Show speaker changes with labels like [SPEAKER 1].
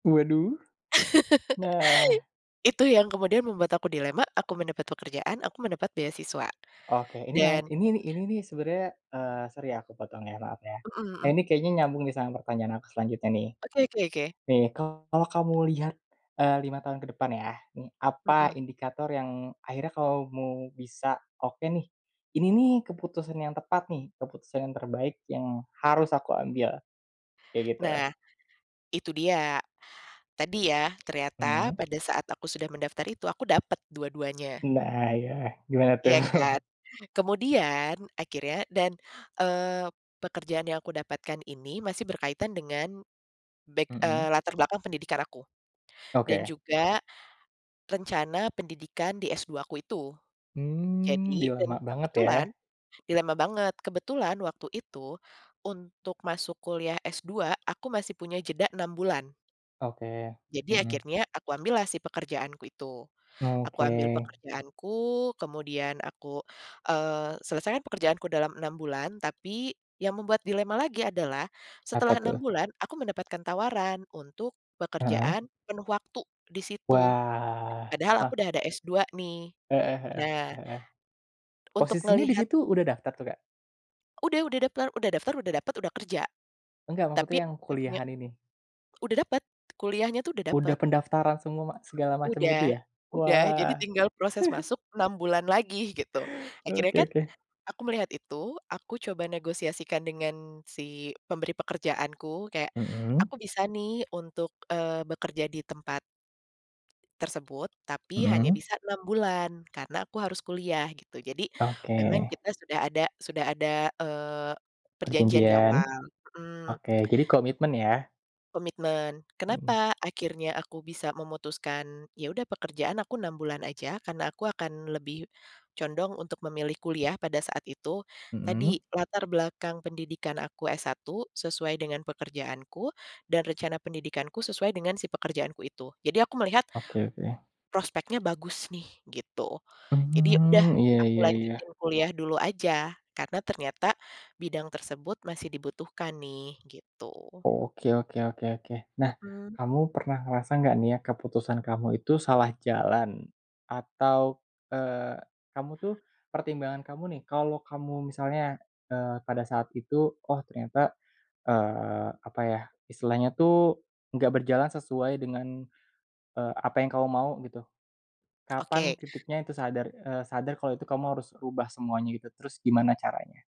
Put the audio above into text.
[SPEAKER 1] Waduh, nah.
[SPEAKER 2] Itu yang kemudian membuat aku dilema aku mendapat pekerjaan aku mendapat beasiswa,
[SPEAKER 1] Oke ini lain
[SPEAKER 2] dan
[SPEAKER 1] ini nih ini nih sebenernya, eee, sorry ya aku potong ya maaf ya,
[SPEAKER 2] Mhm mhm.
[SPEAKER 1] ini kayaknya nyambung nih sama pertanyaan aku selanjutnya nih,
[SPEAKER 2] Oke oke oke.
[SPEAKER 1] nih kalau kamu lihat, eee, 5 tahun ke depan ya nih apa
[SPEAKER 2] Mhm.
[SPEAKER 1] indikator yang akhirnya kamu bisa oke nih, ini nih keputusan yang tepat nih keputusan yang terbaik yang
[SPEAKER 2] Mhm.
[SPEAKER 1] harus aku ambil, kayak gitu.
[SPEAKER 2] Nah, itu dia, tadi ya ternyata
[SPEAKER 1] Mmm.
[SPEAKER 2] pada saat aku sudah mendaftar itu aku dapet dua-duanya.
[SPEAKER 1] Nah ya gimana tuh?
[SPEAKER 2] Iya kan, kemudian akhirnya dan, eee, pekerjaan yang aku dapatkan ini masih berkaitan dengan back, eee,
[SPEAKER 1] Mhm.
[SPEAKER 2] latar belakang pendidikan aku, dan
[SPEAKER 1] Oke.
[SPEAKER 2] juga, rencana pendidikan di S2 aku itu,
[SPEAKER 1] Mmm, jadi
[SPEAKER 2] jadi dan
[SPEAKER 1] lama banget
[SPEAKER 2] kebetulan,
[SPEAKER 1] ya?
[SPEAKER 2] dilema banget kebetulan waktu itu, untuk masuk kuliah S2 aku masih punya jeda 6 bulan.
[SPEAKER 1] Oke,
[SPEAKER 2] Jadi
[SPEAKER 1] mhm.
[SPEAKER 2] akhirnya aku ambillah si pekerjaanku itu, aku
[SPEAKER 1] Oke.
[SPEAKER 2] ambil pekerjaanku kemudian aku, eee, selesaikan pekerjaanku dalam 6 bulan tapi, yang membuat dilema lagi adalah
[SPEAKER 1] Apa
[SPEAKER 2] setelah 6
[SPEAKER 1] tuh?
[SPEAKER 2] bulan aku mendapatkan tawaran untuk
[SPEAKER 1] Heeh.
[SPEAKER 2] pekerjaan penuh waktu disitu,
[SPEAKER 1] Wah,
[SPEAKER 2] padahal
[SPEAKER 1] e
[SPEAKER 2] aku udah ada S2 nih,
[SPEAKER 1] Heeh heeh
[SPEAKER 2] nah
[SPEAKER 1] heeh,
[SPEAKER 2] Untuk
[SPEAKER 1] posisinya
[SPEAKER 2] ngelihat
[SPEAKER 1] disitu udah daftar tuh Kak?
[SPEAKER 2] Udah udah daftar udah daftar udah dapet udah kerja,
[SPEAKER 1] Enggak
[SPEAKER 2] tapi.
[SPEAKER 1] maksudnya yang
[SPEAKER 2] [unintelligible]
[SPEAKER 1] kuliahan ini.
[SPEAKER 2] Udah dapet, kuliahnya tuh udah
[SPEAKER 1] Udah
[SPEAKER 2] dapet.
[SPEAKER 1] pendaftaran semua segala macam
[SPEAKER 2] Udah
[SPEAKER 1] gitu ya?
[SPEAKER 2] udah jadi
[SPEAKER 1] Wah.
[SPEAKER 2] tinggal proses masuk 6 bulan lagi gitu akhirnya
[SPEAKER 1] Oke
[SPEAKER 2] kan,
[SPEAKER 1] oke.
[SPEAKER 2] aku melihat itu aku coba negosiasikan dengan si pemberi pekerjaanku kayak
[SPEAKER 1] Mhm.
[SPEAKER 2] aku bisa nih untuk, eee, bekerja di tempat tersebut tapi hanya
[SPEAKER 1] Mhm.
[SPEAKER 2] bisa 6 bulan karena aku harus kuliah gitu jadi memang
[SPEAKER 1] Oke.
[SPEAKER 2] kita sudah ada sudah ada, eee, perjanjian
[SPEAKER 1] Perjanjian,
[SPEAKER 2] diawal, mhm.
[SPEAKER 1] oke jadi komitmen ya?
[SPEAKER 2] Komitmen
[SPEAKER 1] Mhm.
[SPEAKER 2] kenapa akhirnya aku bisa memutuskan ya udah pekerjaan aku 6 bulan aja karena aku akan lebih, condong untuk memilih kuliah pada saat itu, tadi
[SPEAKER 1] Mhm?
[SPEAKER 2] latar belakang pendidikan aku S1 sesuai dengan pekerjaanku dan rencana pendidikanku sesuai dengan si pekerjaanku itu jadi aku melihat
[SPEAKER 1] Oke oke.
[SPEAKER 2] prospeknya bagus nih gitu, jadi ya udah
[SPEAKER 1] Mmm, iya
[SPEAKER 2] aku
[SPEAKER 1] iya iya.
[SPEAKER 2] lanjutin kuliah dulu aja karena ternyata, bidang tersebut masih dibutuhkan nih gitu.
[SPEAKER 1] Oke oke oke oke nah
[SPEAKER 2] Mhm.
[SPEAKER 1] kamu pernah ngerasa gak nih ya keputusan kamu itu salah jalan? Atau, eee, kamu tuh pertimbangan kamu nih kalau kamu misalnya, eee, pada saat itu oh ternyata, eee, apa ya istilahnya tuh enggak berjalan sesuai dengan, eee, apa yang kamu mau gitu, kapan
[SPEAKER 2] Oke.
[SPEAKER 1] titiknya itu sadar, eee, sadar kalau itu kamu harus rubah semuanya gitu terus gimana caranya?